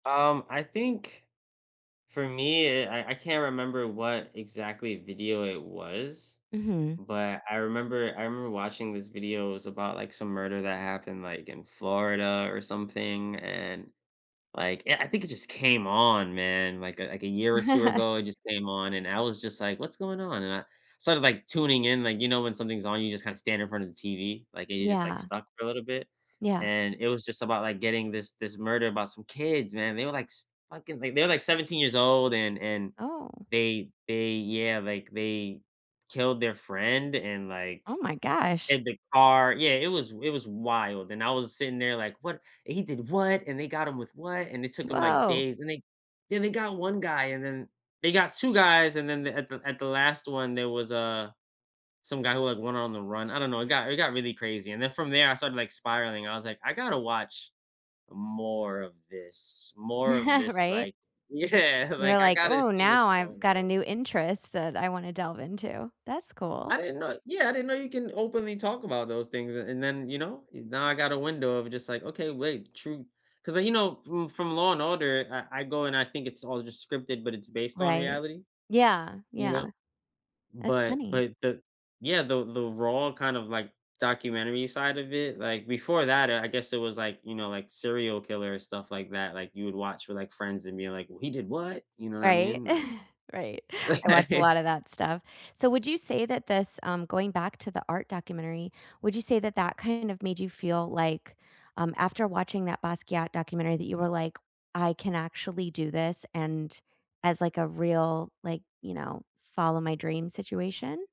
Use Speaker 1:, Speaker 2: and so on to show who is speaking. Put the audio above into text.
Speaker 1: Um, I think for me, eh, I I can't remember what exactly video it was,
Speaker 2: Mhm.
Speaker 1: but I remember I remember watching this video, it was about, like, some murder that happened, like, in Florida or something, and, like, yeah, I think it just came on, man, like a like a year or 2 ago, it just came on, and I was just like, “What's going on?” And I started, like, tuning in, like, you know, when something's on, you just kinda stand in front of the TV, like, you just, like,
Speaker 2: Yeah.
Speaker 1: stuck for a little bit.
Speaker 2: Yeah.
Speaker 1: And it was just about, like, getting this this murder about some kids, man, they were, like, s fucking they they were, like, 17 years old, and and
Speaker 2: Oh.
Speaker 1: they they yeah, like, they killed their friend and, like,
Speaker 2: Oh my gosh.
Speaker 1: hid the car Yeah, it was it was wild, and I was sitting there like, “What and he did what, and they got him with what?” and it took ‘em, like,
Speaker 2: Woah.
Speaker 1: days, and they Then they got 1 guy, and then they got 2 guys, and then the at the at the last one, there was, uh, some guy who had went on the run. I don't know, it got it got really crazy, and then from there, I started, like, spiraling, I was like, “I gotta watch more of this, more of this,
Speaker 2: Right?
Speaker 1: like "Yeah,
Speaker 2: You were
Speaker 1: like, “I
Speaker 2: like,
Speaker 1: gotta
Speaker 2: “Ooh,
Speaker 1: see what's
Speaker 2: now I've
Speaker 1: going
Speaker 2: got a
Speaker 1: on.”
Speaker 2: new interest that I wanna delve into.” That's cool.
Speaker 1: I didn't know yeah, I didn't know you can openly talk about those things, and and then, you know, now I got a window of just like, "Okay, wait, true" ‘cause, uh, you know, from from Law& Order, I I go and I think it's all just scripted, but it's based on
Speaker 2: Right.
Speaker 1: reality,
Speaker 2: Yeah,
Speaker 1: you
Speaker 2: yeah.
Speaker 1: know?
Speaker 2: That's
Speaker 1: But
Speaker 2: funny.
Speaker 1: but the Yeah, the the raw kind of, like, documentary side of it, like, before that, I I guess it was, like, you know, like, serial killer stuff like that, like, you would watch with, like, friends and being like, w “He did what?” you know what I
Speaker 2: Right?
Speaker 1: mean?
Speaker 2: Right.
Speaker 1: Li
Speaker 2: I watch a lotta that stuff. So, would you say that this um, going back to the art documentary, would you say that that kind of made you feel like, um, after watching that Basquiat documentary that you were like, “I can actually do this” and as, like, a real, like, you know, follow my dream situation?